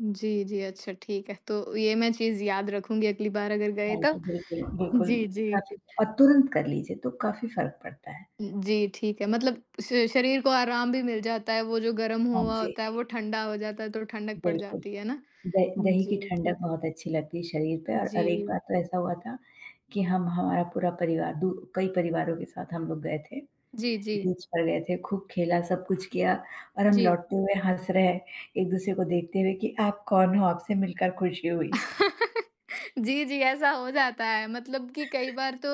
जी, जी, अच्छा ठीक है, तो ये मैं चीज़ याद रखूँगी अगली बार अगर गए हाँ जी, तो। बिल्कुल, बिल्कुल जी, जी। काफ़ी और तुरंत कर लीजिए तो काफ़ी फ़र्क पड़ता है। अ, जी, ठीक है, मतलब श शरीर को आराम भी मिल जाता है, वो जो गर्म हाँ हुआ जी। होता है, वो ठंडा हो जाता है तो ठंडक पड़ बिल्कुल। जाती है ना। द हाँ दही की जी, ठंडक हुँ। बहुत अच्छी लगती है शरीर पे और और एक जी। बार तो ऐसा हुआ था कि हम हमारा पूरा परिवार दू कई परिवारों के साथ हम लोग गए थे। जी, जी। बीच पर गए थे, खूब खेला, सब कुछ किया और हम जी। लौटते हुए हँस रहें, एक-दूसरे को देखते हुए कि, "आप कौन हो? आपसे मिलकर खुशी हुई।" जी, जी ऐसा हो जाता है मतलब कि कई बार तो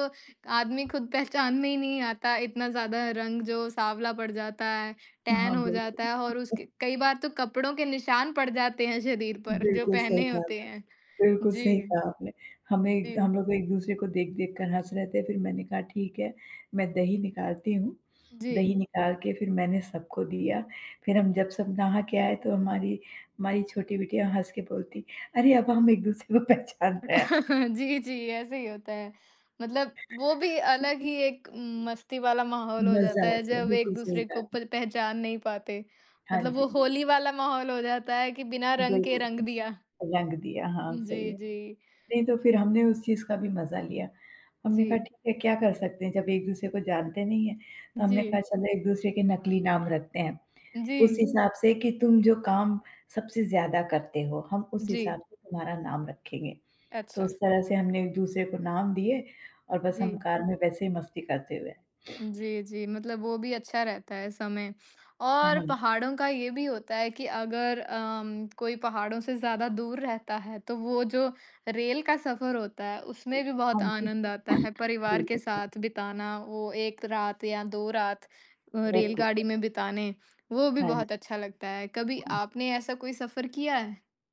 आदमी खुद पहचान में ही नहीं आता इतना ज़्यादा रंग जो साँवला पड़ जाता है, टैन हाँ, हो जाता है और बिल्कुल। उसके कई बार तो कपड़ों के निशान पड़ जाते हैं शरीर पर जो बिल्कुल सही पहने कहा होते आपने हैं। बिल्कुल सही जी। कहा आपने। हमें द जी। हम लोग एक-दूसरे को देख-देख कर हँस रहे थे, फिर मैंने कहा ठीक है, "मैं दही निकालती हूँ," दही जी। निकाल के फिर मैंने सबको दिया। फिर हम जब सब नहा के आए तो हमारी, हमारी छोटी बिटिया हँस के बोलती, "अरे! अब हम एक-दूसरे को पहचान रहे हैं।" जी, जी ऐसे ही होता है। मतलब वो भी अलग ही एक उम, मस्ती वाला माहौल हो मजा जाता है आता है, जब बिल्कुल सही एक-दूसरे को कहा। प पहचान नहीं पाते। हाँ मतलब वो जी। होली वाला माहौल हो जाता है कि बिना रंग के रंग बिल्कुल, दिया। रंग दिया हाँ, सही जी, है। जी। नहीं तो फिर हमने उस चीज़ का भी मजा लिया, हमने कहा जी। ठीक है, क्या कर सकते हैं जब एक-दूसरे को जानते नहीं हैं, तो हमने जी। कहा चलो एक-दूसरे के नकली नाम रखते हैं। उस जी। हिसाब से कि, "तुम जो काम सबसे ज़्यादा करते हो, हम उस जी। हिसाब से तुम्हारा नाम रखेंगे, तो अच्छा। उस तरह से हमने एक-दूसरे को नाम दिए और बस हम जी। कार में वैसे ही मस्ती करते हुए" जी, जी मतलब वो भी अच्छा रहता है समय अ, और हाँ। पहाड़ों का ये भी होता है कि अगर अम, कोई पहाड़ों से ज़्यादा दूर रहता है तो वो जो रेल का सफर होता है, उसमें भी बहुत हाँ जी। आनंद आता है, परिवार के बिल्कुल [unintelligible] साथ बिताना वो 1 रात या 2 रात अ, बिल्कुल रेलगाड़ी है। में बिताने वो भी हाँ, न बहुत अच्छा लगता है। कभी आपने ऐसा कोई सफर किया है?